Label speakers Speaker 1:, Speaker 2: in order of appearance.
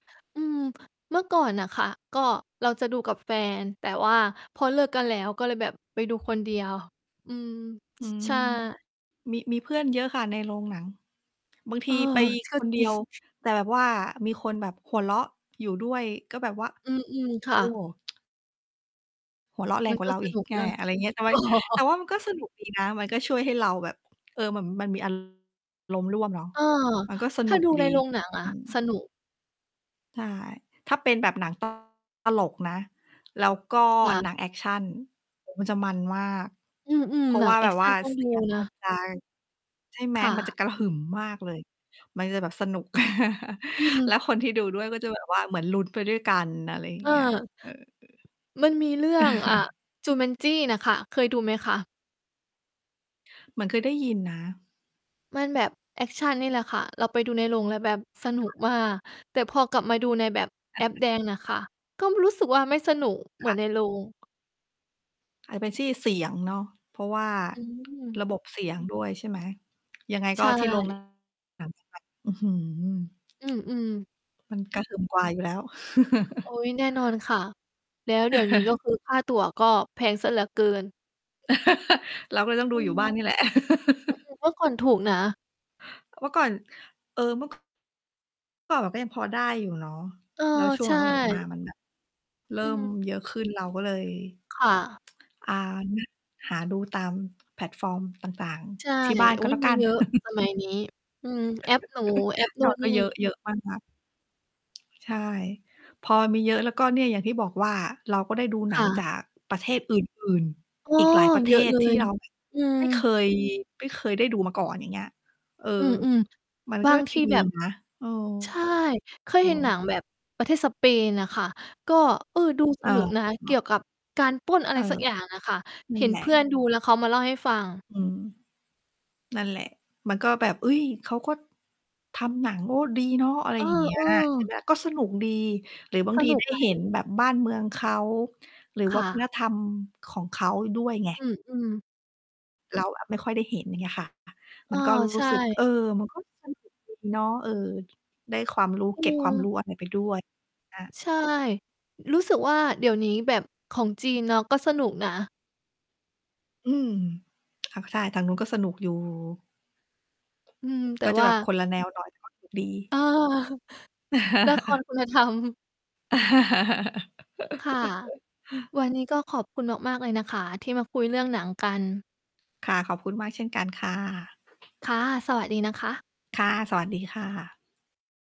Speaker 1: อืม เมื่อก่อนน่ะค่ะ ก็เราจะดูกับแฟน แต่ว่าพอเลิกกันแล้วก็เลยแบบไปดูคนเดียว อืม
Speaker 2: อื
Speaker 1: ช
Speaker 2: ม
Speaker 1: ใช่
Speaker 2: มี มีเพื่อนเยอะค่ะในโรงหนัง บางท
Speaker 1: เอ
Speaker 2: ี
Speaker 1: อ
Speaker 2: ไป
Speaker 1: ก
Speaker 2: ค
Speaker 1: ็
Speaker 2: นเ
Speaker 1: จ
Speaker 2: ดี
Speaker 1: ริ
Speaker 2: ย
Speaker 1: ง
Speaker 2: ว แต่แบบว่ามีคนแบบหัวเราะอยู่ด้วย ก็แบบว่า
Speaker 1: อืม ๆ ค
Speaker 2: โ
Speaker 1: ่
Speaker 2: อ้
Speaker 1: ะ
Speaker 2: หัวเราะแร
Speaker 1: มั
Speaker 2: ง
Speaker 1: น
Speaker 2: กว่า
Speaker 1: ก็
Speaker 2: เรา
Speaker 1: ส
Speaker 2: อีก
Speaker 1: นุก
Speaker 2: อา
Speaker 1: นะ
Speaker 2: อะไรอย่างเงี้ย ใช่ไหม แต่ว่ามันก็สนุกดีนะ มันก็ช่วยให้เราแบบ เออ เหมือนมันมี อา รมณ์ร่วมเนาะ
Speaker 1: เออ
Speaker 2: มันก็ส
Speaker 1: ถ้
Speaker 2: นุ
Speaker 1: า
Speaker 2: ก
Speaker 1: ดูใ
Speaker 2: ดี
Speaker 1: นโรงหนังอ
Speaker 2: อ
Speaker 1: ะ
Speaker 2: ืม
Speaker 1: สนุก
Speaker 2: ใช่ ถ้าเป็นแบบหนัง ต ตลกนะ แล้วก็
Speaker 1: ค่ะ
Speaker 2: หนังแอกชัน โอ้ มันจะมันมาก
Speaker 1: อืม
Speaker 2: เพร
Speaker 1: ๆ
Speaker 2: า
Speaker 1: ห
Speaker 2: ะ
Speaker 1: นั
Speaker 2: ว
Speaker 1: ง
Speaker 2: ่า
Speaker 1: แอ
Speaker 2: แบ
Speaker 1: ก
Speaker 2: บ
Speaker 1: ช
Speaker 2: ว
Speaker 1: ั
Speaker 2: ่า
Speaker 1: นต้อง
Speaker 2: เส
Speaker 1: ดู
Speaker 2: ียง
Speaker 1: น
Speaker 2: มัน
Speaker 1: ะ
Speaker 2: จะ ใช่ไหม
Speaker 1: ค่
Speaker 2: มันจ
Speaker 1: ะ
Speaker 2: ะกระหึ่มมากเลย มันจะแบบสนุก
Speaker 1: อื
Speaker 2: แล
Speaker 1: ม
Speaker 2: ้วคนที่ดูด้วย ก็จะแบบว่าเหมือนลุ้นไปด้วยกัน อะไรอย่า
Speaker 1: เ
Speaker 2: ง
Speaker 1: อ
Speaker 2: เ
Speaker 1: อ
Speaker 2: งี้ย เออ
Speaker 1: มันมีเรื่อง อ่า จูแมนจี้น่ะค่ะ เคยดูไหมคะ?
Speaker 2: เหมือนเคยได้ยินนะ
Speaker 1: มันแบบแอกชันนี่แหละค่ะ เราไปดูในโรงแล้วแบบสนุ
Speaker 2: ค
Speaker 1: ก
Speaker 2: ่ะ
Speaker 1: มาก แต่พอกลับมาดูในแบบแอปแดงน่ะค่ะ ก็รู้สึกว่าไม่สนุกเ
Speaker 2: ค
Speaker 1: หมื
Speaker 2: ่
Speaker 1: อ
Speaker 2: ะ
Speaker 1: นในโรง
Speaker 2: อาจจะเป็นที่เสียงเนาะ เพราะว่า
Speaker 1: อืม
Speaker 2: ระบบเสียงด้วยใช่ไหม ยังไง
Speaker 1: ใช
Speaker 2: ก็ที่ โรง
Speaker 1: ่
Speaker 2: หนัง [unintelligible] อื้อฮือ
Speaker 1: อืม ๆ
Speaker 2: มันกระทึมกว่าอยู่แล้ว
Speaker 1: โอ๊ย แน่นอนค่ะ แล้วเดี๋ยวนี้ ก็คือ ค่าตั๋วก็แพงเสียเหลือเกิน
Speaker 2: เราก็เลยต้องด
Speaker 1: อื
Speaker 2: ูอย
Speaker 1: ม
Speaker 2: ู่บ
Speaker 1: อื
Speaker 2: ้าน
Speaker 1: ม
Speaker 2: นี่แหละ
Speaker 1: เมื่อก่อนถูกนะ
Speaker 2: เมื่อก่อน เออ เมื่อ เมื่อก่อนมันก็ยังพอได้อยู่เนาะ
Speaker 1: เออ
Speaker 2: แล้วช่ว
Speaker 1: ใ
Speaker 2: ง
Speaker 1: ช
Speaker 2: หลัง ๆ มา
Speaker 1: ่
Speaker 2: มันแบบ เริ่
Speaker 1: อือ
Speaker 2: ม
Speaker 1: ฮึ
Speaker 2: เยอะขึ้นเราก็เลย
Speaker 1: ค่ะ
Speaker 2: อ่า หาดูตามแพลตฟอร์มต่าง
Speaker 1: ใช่
Speaker 2: ๆ ที่บ้าน
Speaker 1: อ
Speaker 2: ก
Speaker 1: ุ๊
Speaker 2: ็
Speaker 1: ย
Speaker 2: แล้ว
Speaker 1: ม
Speaker 2: ก
Speaker 1: ี
Speaker 2: ัน
Speaker 1: เยอะสมัยนี้ อืม แอปหนู แอป
Speaker 2: แ
Speaker 1: น
Speaker 2: ต
Speaker 1: ู
Speaker 2: ่
Speaker 1: ่น
Speaker 2: ก
Speaker 1: น
Speaker 2: ็
Speaker 1: ี่
Speaker 2: เยอะ เยอะมากนะ ใช่ พอมีเยอะแล้ว ก็เนี่ยอย่างที่บอกว่า เราก็ได้ดูหน
Speaker 1: ค
Speaker 2: ั
Speaker 1: ่
Speaker 2: งจ
Speaker 1: ะ
Speaker 2: ากประเทศอื่น
Speaker 1: อ้อ
Speaker 2: ๆ อีกหลายประเ
Speaker 1: เ
Speaker 2: ท
Speaker 1: ยอะ
Speaker 2: ศ
Speaker 1: เล
Speaker 2: ที่
Speaker 1: ย
Speaker 2: เรา
Speaker 1: อื
Speaker 2: ไม่เค
Speaker 1: อ
Speaker 2: ย ไม่เคยได้ดูมาก่อน อย่างเงี้ย เออ
Speaker 1: อือ
Speaker 2: มัน
Speaker 1: ๆ บ
Speaker 2: ก
Speaker 1: า
Speaker 2: ็
Speaker 1: งท
Speaker 2: ดี
Speaker 1: ี่แบบ
Speaker 2: นะ เออ
Speaker 1: ใช่ เคย
Speaker 2: อ๋
Speaker 1: เห็นหนั
Speaker 2: อ
Speaker 1: งแบบประเทศสเปนน่ะค่ะ ก็ เออ ดูส
Speaker 2: อา
Speaker 1: นุกนะ
Speaker 2: อ
Speaker 1: เก
Speaker 2: ะ
Speaker 1: ี่ยวกับการปล้น อ
Speaker 2: เ
Speaker 1: ะไ
Speaker 2: อ
Speaker 1: ร
Speaker 2: อ
Speaker 1: สักอย่างอะค่ะ
Speaker 2: นั
Speaker 1: เ
Speaker 2: ่
Speaker 1: ห
Speaker 2: น
Speaker 1: ็
Speaker 2: แ
Speaker 1: น
Speaker 2: หล
Speaker 1: เ
Speaker 2: ะ
Speaker 1: พื่อนดูแล้วเขามาเล่าให้ฟัง
Speaker 2: อืม นั่นแหละ มันก็แบบ เฮ้ย เขาก็ทำหนัง โอ้ ดีเนาะ อะไร
Speaker 1: เอ
Speaker 2: อย่างเงี้ย ใช่ไห
Speaker 1: อ ๆ
Speaker 2: ม ก็สนุกดี หรือบาง
Speaker 1: ส
Speaker 2: ที
Speaker 1: นุ
Speaker 2: ได
Speaker 1: ก
Speaker 2: ้
Speaker 1: ไห
Speaker 2: เห็น
Speaker 1: ล?
Speaker 2: แบบบ้านเมืองเขา หรือ
Speaker 1: ค
Speaker 2: วั
Speaker 1: ่
Speaker 2: ฒน
Speaker 1: ะ
Speaker 2: ธรรมของเขาด้วยไง
Speaker 1: อืม ๆ
Speaker 2: เราอะไม่ค่อยได้เห็น อย่างเงี้ยค่ะ
Speaker 1: เ
Speaker 2: ม
Speaker 1: อ
Speaker 2: ั
Speaker 1: อ
Speaker 2: นก็ ร
Speaker 1: ใช
Speaker 2: ู้ สึก
Speaker 1: ่
Speaker 2: เออ มันก็ สนุกดี เนาะ เออ ได้ความรู้
Speaker 1: อื
Speaker 2: เกร็ดความ
Speaker 1: ม
Speaker 2: รู้อะไรไปด้วย อา
Speaker 1: ใช่ รู้สึกว่า เดี๋ยวนี้แบบของจีนเนาะ ก็สนุกนะ
Speaker 2: อืม ค่ะ ใช่ ทางนู้นก็สนุกอยู่
Speaker 1: อืม แต่
Speaker 2: ก็จะ
Speaker 1: ว่
Speaker 2: แบ
Speaker 1: า
Speaker 2: บคนละแนวหน่อย ก็สนุก ดี
Speaker 1: เออ ละครคุณ ธรรม ค่ะ วันนี้ก็ขอบคุณมาก ๆ เลยนะคะที่มาคุยเรื่องหนังกัน
Speaker 2: ค่ะ ขอบคุณมากเช่นกันค่ะ
Speaker 1: ค่ะ สวัสดีนะคะ
Speaker 2: ค่ะ สวัสดีค่ะ